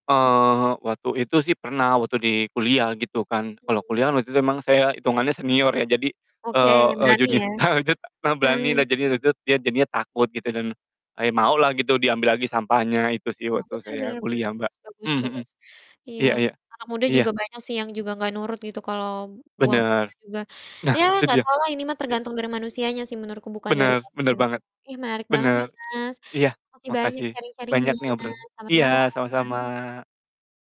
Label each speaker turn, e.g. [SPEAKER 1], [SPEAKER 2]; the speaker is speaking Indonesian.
[SPEAKER 1] Eee, waktu itu sih pernah, waktu di kuliah, gitu kan. Kalau
[SPEAKER 2] Mhm.
[SPEAKER 1] kuliah kan, waktu itu memang saya hitungannya senior ya. Jadi,
[SPEAKER 2] Oke,
[SPEAKER 1] eee eee,
[SPEAKER 2] berani
[SPEAKER 1] junio
[SPEAKER 2] ya?
[SPEAKER 1] tawa jud a ta berani lah,
[SPEAKER 2] Heeh.
[SPEAKER 1] jadi waktu itu dia jadinya takut, gitu. Dan, a ya mau lah gitu, diambil lagi sampahnya, itu sih
[SPEAKER 2] Oh,
[SPEAKER 1] waktu
[SPEAKER 2] bener bener
[SPEAKER 1] saya
[SPEAKER 2] bener
[SPEAKER 1] kuliah
[SPEAKER 2] Mas,
[SPEAKER 1] Mbak,
[SPEAKER 2] bagus
[SPEAKER 1] mhm mhm.
[SPEAKER 2] bagus. Iya,
[SPEAKER 1] Iya iya.
[SPEAKER 2] anak muda
[SPEAKER 1] Iya.
[SPEAKER 2] juga banyak sih yang juga nggak nurut gitu, kalau buang
[SPEAKER 1] Bener!
[SPEAKER 2] sampah juga,
[SPEAKER 1] Nah,
[SPEAKER 2] ya
[SPEAKER 1] itu
[SPEAKER 2] nggak
[SPEAKER 1] dia,
[SPEAKER 2] tau lah ini mah
[SPEAKER 1] i
[SPEAKER 2] tergantung dari manusianya sih menurutku bukan dari,
[SPEAKER 1] Bener bener
[SPEAKER 2] [unintelligible]
[SPEAKER 1] banget,
[SPEAKER 2] ih, menarik banget
[SPEAKER 1] bener.
[SPEAKER 2] ya Mas,
[SPEAKER 1] Iya,
[SPEAKER 2] makasih banyak
[SPEAKER 1] makasih
[SPEAKER 2] sharing-sharing-nya
[SPEAKER 1] banyak nih obrolan
[SPEAKER 2] selamat
[SPEAKER 1] iya,
[SPEAKER 2] malam.
[SPEAKER 1] sama-sama.